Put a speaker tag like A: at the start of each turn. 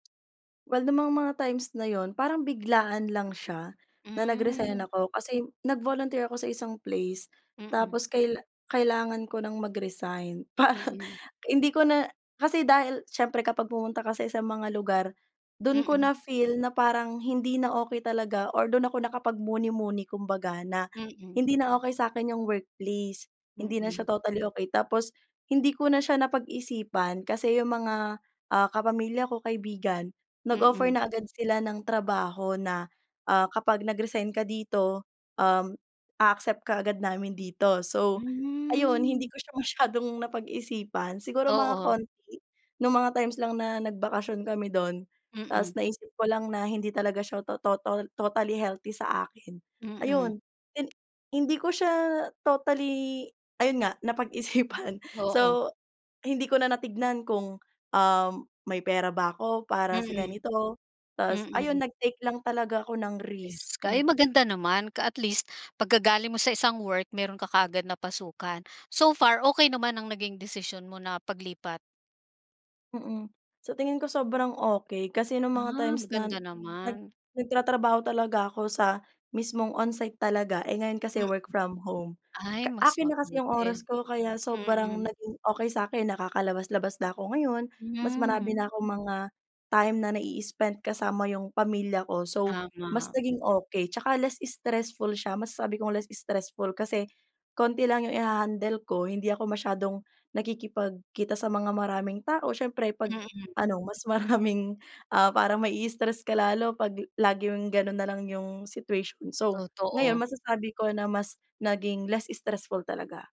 A: Well nung mga mga times na yun, parang biglaan lang siya na nag-resign
B: Hmm.
A: ako kasi nag-volunteer ako sa isang place.
B: Mm.
A: Tapos kaila kailangan ko ng mag-resign. Parang
B: Mm.
A: hindi ko na kasi dahil siyempre kapag pumunta ka sa isang mga lugar, dun ko
B: Mm.
A: na-feel na parang hindi na okey talaga, or dun ako nakapagmuni-muni kumbaga na
B: Mm.
A: hindi na okey sakin yung workplace. Hindi na
B: Mm.
A: siya totally okey. Tapos hindi ko na siya napag-isipan, kasi yung mga, ah, kapamilya ko, kaibigan, nag-offer
B: Mm.
A: na agad sila ng trabaho na, ah, kapag nag-resign ka dito, um, a-accept ka agad namin dito. So ayun, hindi
B: Hmm.
A: ko siya masyadong napag-isipan. Siguro mga
B: Oo.
A: konti, nung mga times lang na nagbakasyon kami dun.
B: Mm.
A: Ta's naisip ko lang na hindi talaga siya to total totally healthy sa akin.
B: Mm.
A: Ayun, hin hindi ko siya totally ayun nga napag-isipan.
B: Oo.
A: So, hindi ko na natingnan kung, um, may pera ba ako para sa
B: Mm.
A: ganito, ta's ayun
B: Mm.
A: nag-take lang talaga ako ng risk.
B: Is
A: Hmm.
B: kay maganda naman ka at least, pagka galing mo sa isang work, meron ka kaagad napasukan. So far, okey naman ang naging desisyon mo na paglipat?
A: Mm. Sa tingin ko sobrang okey. Kasi nung mga
B: Ah,
A: times na
B: maganda
A: nag
B: naman.
A: nagtatrabaho talaga ako sa mismong onsite talaga, eh ngayon kasi work from home.
B: Ay
A: Ka
B: mas
A: akin na kasi yung oras
B: mabuti.
A: ko kaya sobrang
B: Mm.
A: naging okey sakin. Nakakalabas-labas na ako ngayon, mas
B: Hmm.
A: marami na akong mga time na na-i-spend kasama yung pamilya ko. So mas
B: Tama.
A: naging okey. Tsaka less stressful siya. Masasabi kong less stressful kasi konti lang yung i-hahandle ko, hindi ako masyadong nakikipagkita sa mga maraming tao. Siyempre 'pag
B: Mm.
A: ano, mas maraming, ah, parang ma i-stress ka lalo 'pag laging ganun nalang yung situation. So, ngayon
B: Totoo.
A: masasabi ko na mas naging less stressful talaga.